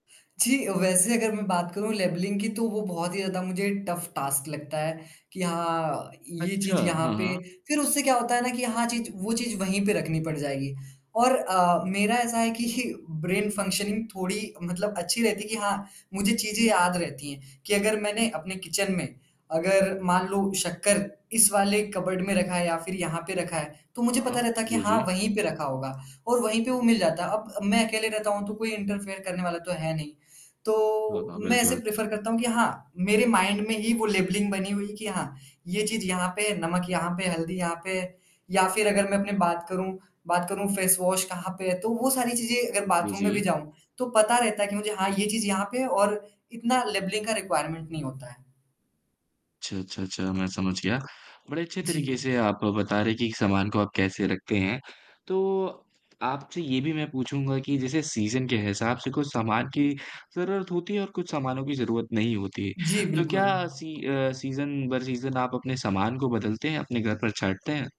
जी, वैसे अगर मैं बात करूँ लेबलिंग की, तो वो बहुत ही ज़्यादा मुझे टफ़ टास्क लगता है, कि हाँ, ये अच्छा, चीज़ यहाँ हाँ, पे हाँ। फ़िर उससे क्या होता है ना, कि हाँ चीज़ वो चीज़ वही पे रखनी पड़ जाएगी। और अ, मेरा ऐसा है कि ब्रेन फंक्शनिंग थोड़ी मतलब अच्छी रहती है कि हाँ, मुझे चीज़ें याद रहती हैं, कि अगर मैनें अपने किचन में अगर मान लो शक्कर इस वाले कपबोर्ड में रखा है या फ़िर यहाँ पे रखा है, तो मुझे पता हाँ। रहता है कि जी, हाँ, जी। वही पे रखा होगा और वही पे वो मिल जाता है। अब अब मैं अकेले रहता हूँ तो कोई इंटरफेयर करने वाला तो है नहीं, हाँ, तो, हाँ, मैं ऐसे बिल्कुल। प्रेफर करता हूँ कि हाँ, मेरे माइंड में ही वो लेबलिंग बनी हुई है कि हाँ, ये चीज़ यहाँ पे है, नमक यहाँ पे, हल्दी यहाँ पे है। या फ़िर अगर मैं अपनी बात करूँ बात करूँ फेस वाश कहाँ पे है, तो वो सारी चीज़ें अगर जी, बाथरूम में भी जी। जाऊँ, तो पता रहता है कि मुझे हाँ, ये चीज़ यहाँ पे है और इतना लेबलिंग का रिक्वायरमेंट नहीं होता है। अच्छा, अच्छा, अच्छा मैं समझ गया, बड़े अच्छे तरीके जी। से आप बता रहे हैं कि सामान को आप कैसे रखते हैं। तो, आपसे ये भी मैं पूछूँगा कि जैसे सीज़न के हिसाब से कुछ सामान की ज़रूरत होती है और कुछ सामानों की ज़रूरत नहीं होती। जी, तो क्या बिल्कुल। सी अ, सीज़न भर सीज़न आप अपने सामान को बदलते हैं? अपने घर पर छाँटते हैं?